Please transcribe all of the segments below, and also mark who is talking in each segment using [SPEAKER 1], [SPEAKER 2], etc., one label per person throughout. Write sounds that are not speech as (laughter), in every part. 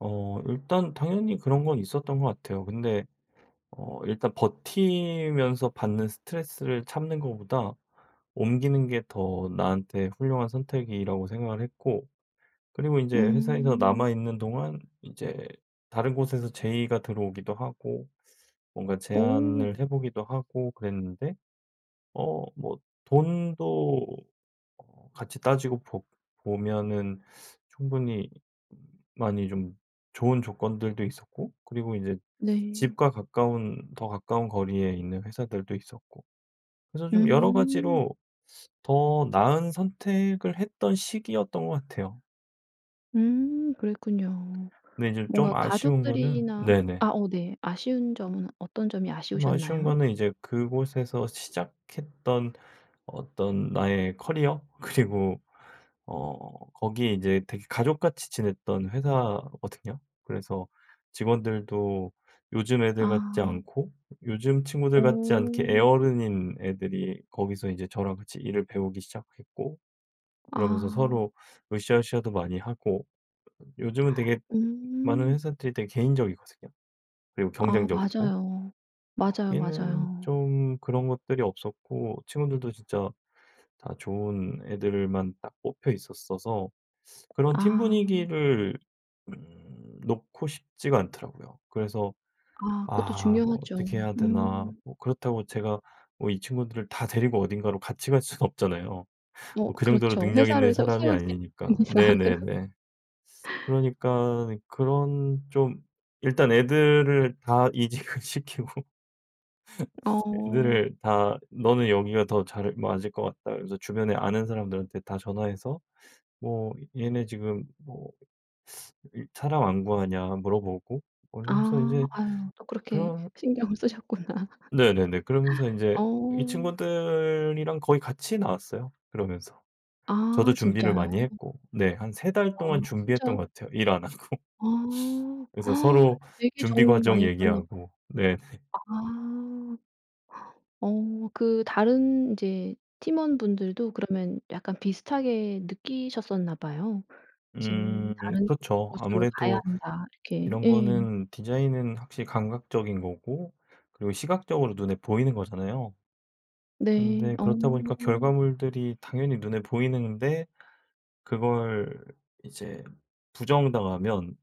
[SPEAKER 1] 어 일단 당연히 그런 건 있었던 것 같아요. 근데 어 일단 버티면서 받는 스트레스를 참는 것보다 옮기는 게 더 나한테 훌륭한 선택이라고 생각을 했고 그리고 인제 회사에서
[SPEAKER 2] 음.
[SPEAKER 1] 남아 있는 동안 이제 다른 곳에서 제의가 들어오기도 하고 뭔가
[SPEAKER 2] 오.
[SPEAKER 1] 제안을 해 보기도 하고 그랬는데 어 뭐 돈도 어 같이 따지고 보 보면은 충분히 많이 좀 좋은 조건들도 있었고 그리고 이제
[SPEAKER 2] 네.
[SPEAKER 1] 집과 가까운 더 가까운 거리에 있는 회사들도 있었고 그래서 좀 여러
[SPEAKER 2] 음.
[SPEAKER 1] 가지로 더 나은 선택을 했던 시기였던 것 같아요.
[SPEAKER 2] 음 그랬군요.
[SPEAKER 1] 근데 인제 쫌
[SPEAKER 2] 뭔가
[SPEAKER 1] 아쉬운 거는
[SPEAKER 2] 가족들이나 아
[SPEAKER 1] 네네.
[SPEAKER 2] 어 네 아쉬운 점은 어떤 점이
[SPEAKER 1] 좀 아쉬운
[SPEAKER 2] 아쉬우셨나요?
[SPEAKER 1] 거는 이제 그곳에서 시작했던 어떤 나의 커리어 그리고 어 거기 이제 되게 가족같이 지냈던 회사거든요. 그래서 직원들도 요즘 애들 같지
[SPEAKER 2] 아.
[SPEAKER 1] 않고 요즘 친구들 같지 않게
[SPEAKER 2] 어.
[SPEAKER 1] 애어른인 애들이 거기서 이제 저랑 같이 일을 배우기 시작했고 그러면서
[SPEAKER 2] 아.
[SPEAKER 1] 서로 으싸으싸도 많이 하고. 요즘은 되게 많은
[SPEAKER 2] 음.
[SPEAKER 1] 회사들이 되게 개인적이거든요, 그리고
[SPEAKER 2] 아
[SPEAKER 1] 경쟁적이고.
[SPEAKER 2] 맞아요. 맞아요,
[SPEAKER 1] 거기는
[SPEAKER 2] 맞아요.
[SPEAKER 1] 좀 그런 것들이 없었고 친구들도 진짜 다 좋은 애들을 만 딱 뽑혀 있었어서 그런 팀
[SPEAKER 2] 아.
[SPEAKER 1] 분위기를 음 놓고 싶지가 않더라고요. 그래서
[SPEAKER 2] 아 그것도
[SPEAKER 1] 아
[SPEAKER 2] 중요하죠.
[SPEAKER 1] 어떻게 해야 되나
[SPEAKER 2] 음.
[SPEAKER 1] 뭐 그렇다고 제가 뭐 이 친구들을 다 데리고 어딘가로 같이 갈 순 없잖아요,
[SPEAKER 2] 어
[SPEAKER 1] 뭐 그 정도로
[SPEAKER 2] 그렇죠,
[SPEAKER 1] 능력 있는
[SPEAKER 2] 회사를 새로
[SPEAKER 1] 사람이
[SPEAKER 2] 세우지 않는
[SPEAKER 1] 아니니까.
[SPEAKER 2] 이상.
[SPEAKER 1] 네네네.
[SPEAKER 2] (laughs)
[SPEAKER 1] 그러니깐 그런 좀 일단 애들을 다 이직을 시키고
[SPEAKER 2] 어.
[SPEAKER 1] 애들을 다 "너는 여기가 더 잘 맞을 것 같다." 그러면서 주변에 아는 사람들한테 다 전화해서 뭐 얘네 지금 뭐 일 사람 안 구하냐 물어보고 뭐
[SPEAKER 2] 아
[SPEAKER 1] 이러면서 인제
[SPEAKER 2] 아유 또 그렇게
[SPEAKER 1] 그런
[SPEAKER 2] 신경을 쓰셨구나.
[SPEAKER 1] 네네네. 그러면서
[SPEAKER 2] (laughs)
[SPEAKER 1] 인제
[SPEAKER 2] 어.
[SPEAKER 1] 이 친구들이랑 거의 같이 나왔어요, 그러면서. 저도
[SPEAKER 2] 아
[SPEAKER 1] 준비를
[SPEAKER 2] 진짜요?
[SPEAKER 1] 많이 했고 네 한 3 달
[SPEAKER 2] 아
[SPEAKER 1] 동안 준비했던
[SPEAKER 2] 진짜
[SPEAKER 1] 것 같아요, 일 안 하고.
[SPEAKER 2] 아
[SPEAKER 1] 그래서 서로
[SPEAKER 2] (gasps) 되게
[SPEAKER 1] 준비
[SPEAKER 2] 정이
[SPEAKER 1] 과정
[SPEAKER 2] 많이 들었나 봐요.
[SPEAKER 1] 얘기하고 네네.
[SPEAKER 2] 아. 어 그 다른 이제 팀원분들도 그러면 약간 비슷하게 느끼셨었나 봐요. '이제
[SPEAKER 1] 음
[SPEAKER 2] 다른
[SPEAKER 1] 그쵸.
[SPEAKER 2] 곳으로 가야
[SPEAKER 1] 아무래도
[SPEAKER 2] 한다.' 이렇게.
[SPEAKER 1] 이런
[SPEAKER 2] 예.
[SPEAKER 1] 거는 디자인은 확실히 감각적인 거고 그리고 시각적으로 눈에 보이는 거잖아요.
[SPEAKER 2] 네.
[SPEAKER 1] 근데
[SPEAKER 2] 어.
[SPEAKER 1] 그렇다 보니까 결과물들이 당연히 눈에 보이는데 그걸 이제 부정당하면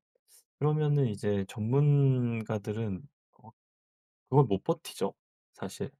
[SPEAKER 1] 그러면은 이제 전문가들은 어 그걸 못 버티죠, 사실.